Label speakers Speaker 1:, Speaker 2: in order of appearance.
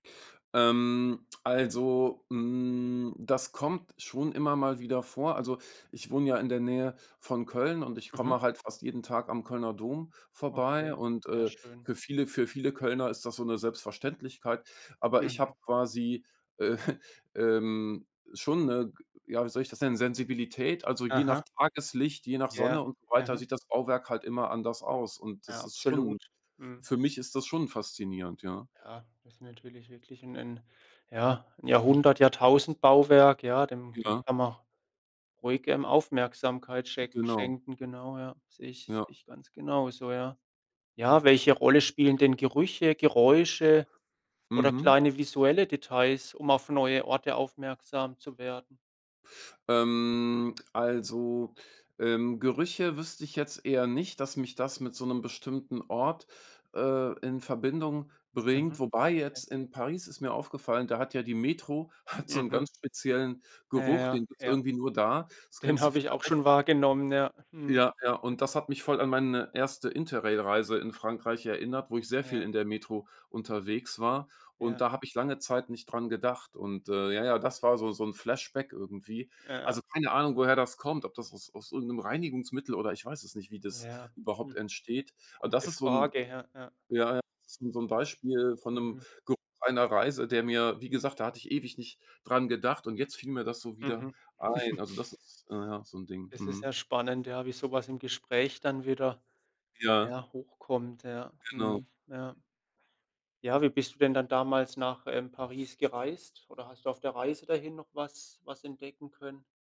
Speaker 1: Ähm, also, hm, das kommt schon immer mal wieder vor. Also, ich wohne ja in der Nähe von Köln und ich
Speaker 2: Mhm.
Speaker 1: komme halt fast jeden Tag am Kölner Dom vorbei.
Speaker 2: Okay.
Speaker 1: Und,
Speaker 2: Sehr
Speaker 1: äh,
Speaker 2: schön.
Speaker 1: für viele für viele Kölner ist das so 'ne Selbstverständlichkeit. Aber ich habe
Speaker 2: Mhm.
Speaker 1: quasi, äh, ähm, schon 'ne g ja, wie soll ich das nennen, Sensibilität, also je nach
Speaker 2: Aha.
Speaker 1: Tageslicht, je nach
Speaker 2: Ja.
Speaker 1: Sonne und so weiter
Speaker 2: Mhm.
Speaker 1: sieht das Bauwerk halt immer anders aus. Und,
Speaker 2: Ja.
Speaker 1: das ist
Speaker 2: Absolut.
Speaker 1: schon
Speaker 2: Mhm.
Speaker 1: für mich ist das schon faszinierend, ja.
Speaker 2: Ja, das ist natürlich wirklich 'n 'n ja, 'n Jahrhundert, Jahrtausendbauwerk, ja, dem dem
Speaker 1: Ja.
Speaker 2: kann man ruhig, ähm, Aufmerksamkeit schenk
Speaker 1: Genau.
Speaker 2: schenken, genau, ja. Sehe ich sehe
Speaker 1: Ja.
Speaker 2: ich ganz genauso, ja. Ja, welche Rolle spielen denn Gerüche, Geräusche oder
Speaker 1: Mhm.
Speaker 2: kleine visuelle Details, um auf neue Orte aufmerksam zu werden?
Speaker 1: Ähm, also, ähm, Gerüche wüsste ich jetzt eher nicht, dass mich das mit so 'nem bestimmten Ort, äh, in Verbindung
Speaker 2: Mhm.
Speaker 1: bringt, wobei jetzt
Speaker 2: Okay.
Speaker 1: in Paris ist mir aufgefallen, da hat ja die Metro hat so 'nen
Speaker 2: Mhm.
Speaker 1: ganz speziellen
Speaker 2: Äh,
Speaker 1: Geruch, den
Speaker 2: ja.
Speaker 1: gibt's
Speaker 2: Ja.
Speaker 1: irgendwie nur da. Das
Speaker 2: Den
Speaker 1: kennst du
Speaker 2: habe ich auch
Speaker 1: vielleicht.
Speaker 2: schon wahrgenommen. Ja. Mhm.
Speaker 1: Ja, ja, und das hat mich voll an meine erste Interrail-Reise in Frankreich erinnert, wo ich sehr viel
Speaker 2: Ja.
Speaker 1: in der Metro unterwegs war. Und
Speaker 2: Ja.
Speaker 1: da habe ich lange Zeit nicht dran gedacht. Und, äh, ja, ja, das war so so 'n Flashback irgendwie.
Speaker 2: Ja, ja.
Speaker 1: Also, keine Ahnung, woher das kommt, ob das aus aus irgend 'nem Reinigungsmittel oder ich weiß es nicht, wie das
Speaker 2: Ja.
Speaker 1: überhaupt
Speaker 2: Hm.
Speaker 1: entsteht. A das
Speaker 2: Gute
Speaker 1: ist so 'n
Speaker 2: Frage. Ja. Ja.
Speaker 1: ja, ja, so so 'n Beispiel von 'nem
Speaker 2: Mhm.
Speaker 1: Geruch einer Reise, der mir wie gesagt, da hatte ich ewig nicht dran gedacht und jetzt fiel mir das so wieder
Speaker 2: Mhm.
Speaker 1: ein. Also, das ist, ja, ja, so 'n Ding.
Speaker 2: Das ist
Speaker 1: Mhm.
Speaker 2: ja spannend, ja, wie so was im Gespräch dann wieder,
Speaker 1: Ja.
Speaker 2: ja, hochkommt. Ja,
Speaker 1: Genau.
Speaker 2: mhm. Ja. Ja, wie bist du denn dann damals nach, ähm, Paris gereist oder hast du auf der Reise dahin noch was was entdecken können?